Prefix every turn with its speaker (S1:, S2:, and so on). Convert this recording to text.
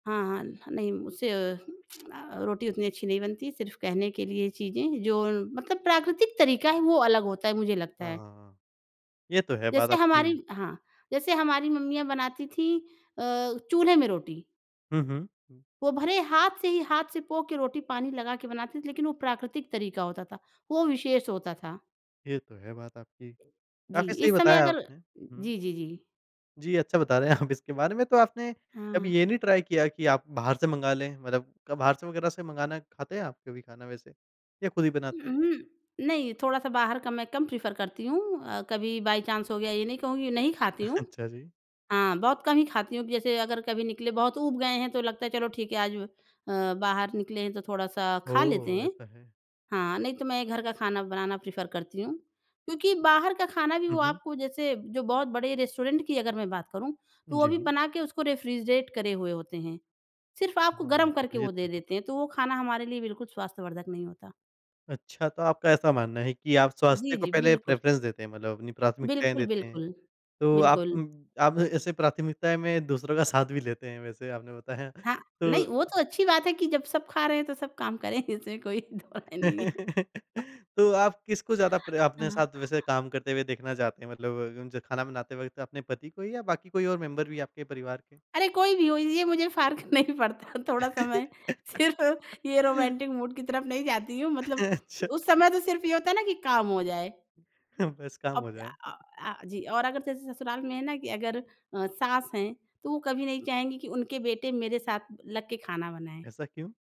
S1: हाँ। नहीं उससे अ, रोटी उतनी अच्छी नहीं बनती सिर्फ़ कहने के लिए चीज़ें जो मतलब प्राकृतिक तरीक़ा है वो अलग होता है मुझे लगता है।
S2: हाँ। ये तो है बात
S1: जैसे
S2: आपकी।
S1: हमारी हाँ, जैसे हमारी मम्मियाँ बनाती थीं अ, चूल्हे में रोटी।
S2: हुँ, हुँ। हुँ।
S1: वो भले हाथ से ही हाथ से पो के रोटी पानी लगा के बनाते थे। लेकिन वो प्राकृतिक तरीक़ा होता था, वो विशेष होता था।
S2: ये तो है बात आपकी।
S1: जी,
S2: काफ़ी सही
S1: इस समय
S2: बताया
S1: अगर
S2: आपने, हुँ।
S1: जी, जी, जी।
S2: जी, अच्छा बता रहे हैं आप इसके बारे में तो आपने कभी
S1: हाँ।
S2: ये नहीं ट्राई किया कि आप बाहर से मँगा लें? मतलब क बाहर से वगैरह से मँगाना खाते हैं आप कभी खाना वैसे या खुद ही बनाते
S1: हुँ,
S2: हैं?
S1: हुँ। नहीं थोड़ा-सा बाहर का मैं कम प्रेफ़र करती हूँ, अ, कभी बाय चांस हो गया, ये नहीं कहूँगी नहीं खाती हूँ।
S2: अच्छा जी।
S1: हाँ, बहुत कम ही खाती हूँ जैसे अगर कभी निकले बहुत ऊब गए हैं। तो लगता है चलो ठीक है आज अ, बाहर निकले हैं तो थोड़ा-सा खा लेते
S2: ओह!
S1: हैं।
S2: ऐसा है।
S1: हाँ, नहीं तो मैं घर का खाना बनाना प्रेफ़र करती हूँ। क्योंकि बाहर का खाना भी
S2: हुँ,
S1: वो
S2: हुँ।
S1: आपको जैसे जो बहुत बड़े रेस्टोरेंट की अगर मैं बात करूँ, तो वो भी
S2: जी।
S1: बना के उसको रेफ्रिजरेट करे हुए होते हैं। सिर्फ़ आपको
S2: हाँ,
S1: गर्म करके
S2: ये
S1: वो
S2: तो
S1: दे
S2: है।
S1: देते हैं, तो वो खाना हमारे लिए बिल्कुल स्वास्थ्यवर्धक नहीं होता।
S2: अच्छा तो आपका ऐसा मानना है कि आप
S1: जी,
S2: स्वास्थ्य को
S1: जी।
S2: पहले
S1: बिल्कुल।
S2: प्रेफ़रेंस देते हैं, मतलब अपनी प्राथमिकताएँ
S1: बिल्कुल,
S2: देते हैं।
S1: बिल्कुल।
S2: तो आप
S1: बिल्कुल।
S2: उम, आप ऐसे प्राथमिकताएँ में दूसरों का साथ भी लेते हैं वैसे आपने बताया।
S1: हाँ
S2: तो
S1: नहीं वो तो अच्छी बात है कि जब सब खा रहे हैं, तो सब काम करें इसमें कोई दोराय नहीं है।
S2: तो आप किसको ज़्यादा प्र अपने
S1: हाँ।
S2: साथ वैसे काम करते हुए देखना चाहते हैं? मतलब जब उनसे खाना बनाते वक़्त अपने पति को या बाकी कोई और मेंबर भी है आपके परिवार के?
S1: अरे! कोई भी हो ये मुझे फ़र्क नहीं पड़ता थोड़ा समय सिर्फ़ ये रोमांटिक मूड की तरफ़ नहीं जाती हूँ। मतलब
S2: अच्छा।
S1: उस समय तो सिर्फ़ ये होता है ना कि काम हो जाए।
S2: हुँ, बस काम
S1: अब
S2: हो
S1: अ
S2: जाए।
S1: अ, आ जी और अगर जैसे ससुराल में है ना कि अगर अ, सास हैं तो वो कभी नहीं चाहेंगी कि उनके बेटे मेरे साथ लग के खाना बनाएँ।
S2: ऐसा क्यों?